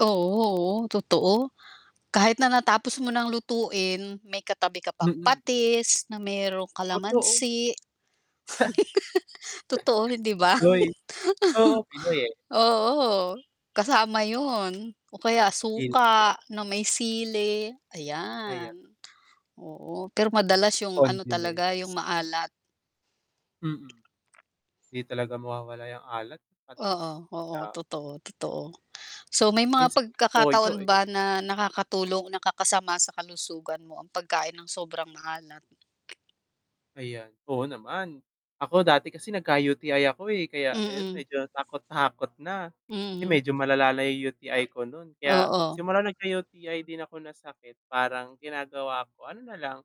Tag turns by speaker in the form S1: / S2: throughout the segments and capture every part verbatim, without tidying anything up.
S1: Oo, oo, totoo. Kahit na natapos mo
S2: [unintelligible]
S1: ng lutuin, may katabi ka pang
S2: Mm.
S1: patis, na merong
S2: Totoo.
S1: kalamansi totoo, hindi ba?
S2: Pinoy. Oo, Pinoy, eh.
S1: Oo, kasama yun, o kaya
S2: Guilty ako.
S1: suka, na may sili,
S2: Ayan.
S1: ayan. Oo, pero madalas yung ano talaga, yung
S2: Condiments.
S1: maalat.
S2: Mm. ‘Di talaga mawawala ‘yang alat, at
S1: Oo,
S2: least
S1: oo,
S2: oo.
S1: totoo, totoo. So may mga
S2: Minsan nga toyo,
S1: pagkakataon
S2: eh.
S1: ba na nakakatulong, nakakasama sa kalusugan mo ang pagkain ng sobrang maalat?
S2: Ayan, oo naman. Ako dati kasi nagka-U-T-I ako, eh, kaya ayun
S1: Mm.
S2: medyo natakot-takot na, kasi
S1: Mm.
S2: medyo malalala na 'yong U-T-I ko no'n kaya,
S1: Oo.
S2: simula nagka-U-T-I din ako na sakit parang ginagawa ko, ano na lang,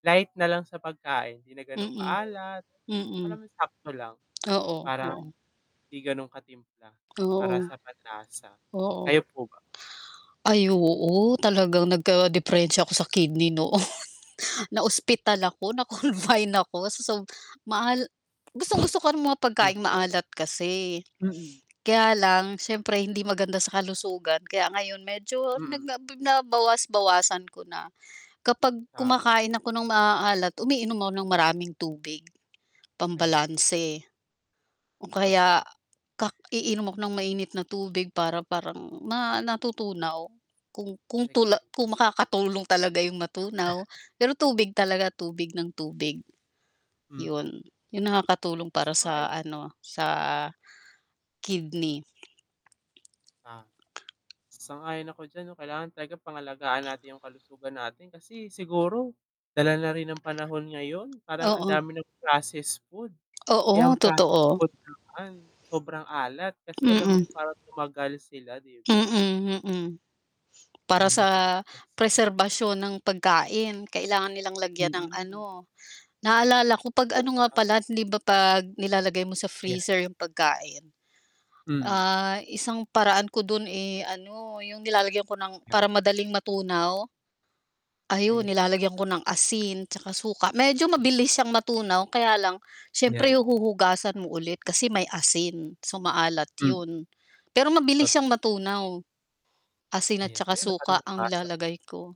S2: light na lang sa pagkain, hindi na gano’ng
S1: Mm
S2: ka-alat,
S1: ,mm.
S2: alam mo yung sakto lang,
S1: Oo,
S2: parang
S1: oo.
S2: hindi ganon ka-timpla para
S1: Oo.
S2: sa panlasa. Kayo
S1: Oo.
S2: po ba?
S1: Ay oo, talagang nagka-diperensiya ako sa kidney noon. Na-ospital ako na-confine ako sa sob maal gustong-gusto ko ng mga pagkaing
S2: Naku.
S1: maalat kasi,
S2: Mm.
S1: kaya lang, siyempre hindi maganda sa kalusugan kaya ngayon medyo
S2: Mm.
S1: nagnab nabawas-bawasan ko na. Kapag
S2: Tama.
S1: kumakain ako ng maaalat, umiinom ako ng maraming tubig, pang
S2: Ayan.
S1: balanse. O
S2: Totoo.
S1: kaya kak iinom ako ng mainit na tubig para parang ma natutunaw, kung kung tula kung
S2: Naki-cleanse mo.
S1: makakatulong talaga yung matunaw, pero tubig talaga, tubig nang tubig.
S2: Mm.
S1: ‘Yon, yung nakakatulong para
S2: Sa bahay
S1: sa
S2: lang.
S1: ano, sa, kidney. e
S2: Ah. Sang-ayon ako diyan 'no, kailangan talaga pangalagaan natin yung kalusugan natin kasi siguro, dala na rin ng panahon ngayon, parang ang
S1: Oo.
S2: dami ng processed food. Eh, ang
S1: Oo,
S2: processed
S1: totoo.
S2: food naman, sobrang alat kasi alam mo,
S1: Mm.
S2: yun parang tumagal sila ‘di ba.
S1: Mm, mm. Para
S2: Eh, mabilis
S1: sa
S2: masira.
S1: preserbasyon ng pagkain kailangan nilang lagyan ng
S2: Mm.
S1: ano, naalala ko 'pag ano nga
S2: Sobra.
S1: pala, hindi ba 'pag nilalagay mo sa
S2: Ayan.
S1: freezer yung pagkain,
S2: Mm.
S1: ah, isang paraan ko dun, eh, ano yung nilalagyan ko ng
S2: ‘Yan.
S1: para madaling matunaw, ayun
S2: Ayan.
S1: nilalagyan ko ng asin tsaka suka, medyo mabilis siyang matunaw kaya lang, siyempre
S2: ‘Yan.
S1: huhugasan mo ulit kasi may asin, so maalat
S2: Hmm.
S1: yun. Pero mabilis
S2: Tot
S1: siyang matunaw. Asin
S2: Ayan.
S1: tsaka
S2: Uy, na parang
S1: suka ang
S2: nabasa ko ‘yan.
S1: nilalagay ko.